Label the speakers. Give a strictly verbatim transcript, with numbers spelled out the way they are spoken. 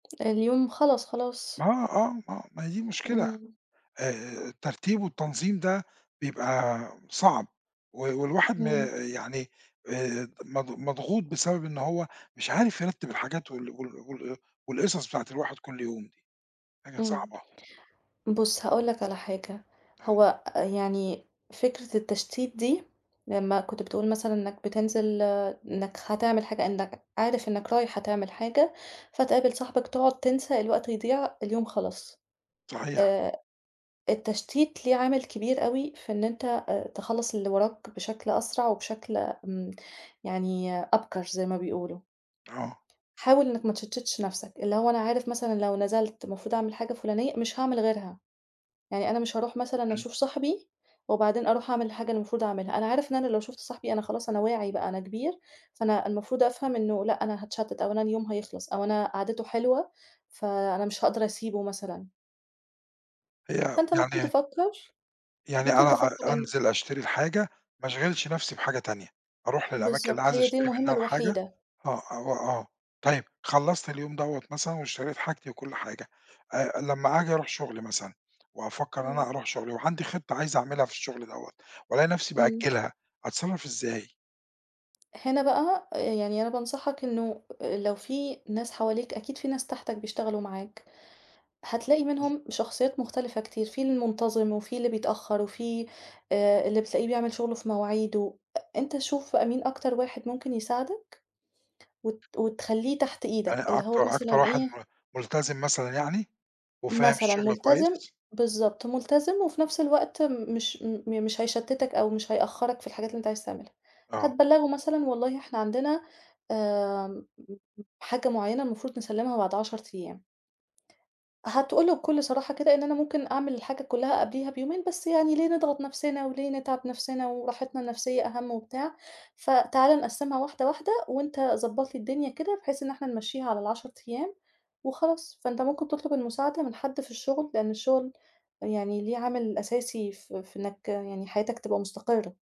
Speaker 1: اليوم خلص خَلاص.
Speaker 2: آه، آه، آه، ما هي دي المشكلة آآ،
Speaker 1: امم.
Speaker 2: آآ، الترتيب والتنظيم ده بيبقى صعب و والواحد ما
Speaker 1: امم.
Speaker 2: يعني آآ مض مضغوط، بسبب إن هو مش عارف يرتّب الحاجات وال وال وال أ والقصص بتاعة الواحد كل يوم دي. حاجة
Speaker 1: امم.
Speaker 2: صعبة.
Speaker 1: بُص هاقول لَك على حاجة،
Speaker 2: آه.
Speaker 1: هو يعني فكرة التشتيت دي، لمّا كنت بتقول مثلًا إنّك بِتنزل إنَك هتعمل حاجة، إنّك عارف إنَك رايح هتعمل حاجة فتقابل صاحِبك، تُقعد تنسى الوقت يضيع اليوم خلَص.
Speaker 2: صحيح.
Speaker 1: آآ التشتيت ليه عامل كبير أوي، في إن أنت تخلّص اللي وراك بشكل أسرع، وبشكل امم يعني أبكر زي ما بيقولوا.
Speaker 2: آه.
Speaker 1: حاول إنّك ما تشَتتش نَفسك، اللي هو أنا عارف مثلًا، لو نزلت المفروض أعمل حاجة فُلانية، مش هاعمل غيرها. يعني أنا مش هاروح مثلًا
Speaker 2: امم.
Speaker 1: أشوف صاحبي وبعدين أروح أعمل الحاجة اللي المفروض أعملها، أنا عارف إن أنا لو شُفت صاحبي، أنا خلاص أنا واعي بقى أنا كبير، فأنا المفروض أفهم إنه لأ، أنا هاتشتت أو أنا اليوم هيخلص أو أنا قعدِته حلوة، فأنا مش هاقدر أسيبه مثلًا.
Speaker 2: هي
Speaker 1: فأنت مُمكن
Speaker 2: يعني
Speaker 1: تفكّر
Speaker 2: يعني
Speaker 1: مُمكن
Speaker 2: أنا أر
Speaker 1: تفكّر إن
Speaker 2: أنزل أشتري الحاجة، ما أشغِلش نفسي بحاجة تانية. أروح للأماكن اللي
Speaker 1: بالضبط،
Speaker 2: عايز
Speaker 1: هي دي
Speaker 2: أشتري
Speaker 1: المُهمة
Speaker 2: منّها الحاجة
Speaker 1: الوحيدة.
Speaker 2: آه، أ وآه طيب. خلّصت اليوم دوّة مثلًا، واشتريت حاجتي وكل حاجة، آآ لمّا آجي أروح شُغلي مثلًا، وأفَكّر إن أنا
Speaker 1: امم.
Speaker 2: أروح شُغلي وعندي خطة عايز أعملها في الشغل دوّة وألاقي نفسي
Speaker 1: امم.
Speaker 2: بأجّلها، أتصرّف إزاي؟
Speaker 1: هنا بقى آآ يعني أنا بانصحك إنه لو في ناس حواليك، أكيد في ناس تحتَك بيشتغلوا معاك، هتلاقي
Speaker 2: جميل.
Speaker 1: منهم شخصيات مختلفة كتير. في المُنتظم وفي اللي بيتأخر وفي آآ اللي بتلاقيه بيعمل شُغله في مواعيده، أ أنت شوف بقى مين أكتر واحد مُمكن يساعدك وت وتخلّيه تحت
Speaker 2: يعني
Speaker 1: إيدك، اللي هو
Speaker 2: أكتر أكتر
Speaker 1: مثلًا
Speaker 2: واحد
Speaker 1: إيه
Speaker 2: م ملتزم مثلًا يعني، وفاهم
Speaker 1: مثلًا،
Speaker 2: الشغل
Speaker 1: مُلتزم
Speaker 2: كويس؟
Speaker 1: بالضبط مُلتزم وفي نفس الوقت مش م مش هيشتِتك، أو مش هيأخّرك في الحاجات اللي أنت عايز تعملها.
Speaker 2: آه.
Speaker 1: هتبَلّغه مثلًا، والله إحنا عندنا، آمم حاجة مُعينة المفروض نسلّمها بعد عَشَر أيام. هتقول له بكُل صراحة كده إن أنا ممكن أعمل الحاجة كلّها قبليها بيومين، بس يعني ليه نضغط نفسنا وليه نتعِب نفسنا؟ وراحِتنا النفسية أهم وبتاع، فتعالَ نقسّمها واحدة، واحدة وأنت ضبّط لي الدنيا كده، بحيث إن إحنا نمَشّيها على العَشَر أيام وخلاص، فأنت ممكن تطلب المساعدة من حدّ في الشُغل، لأن الشُغل يعني ليه عامل أساسي ف في إنّك يعني حياتك تبقى مستقرة.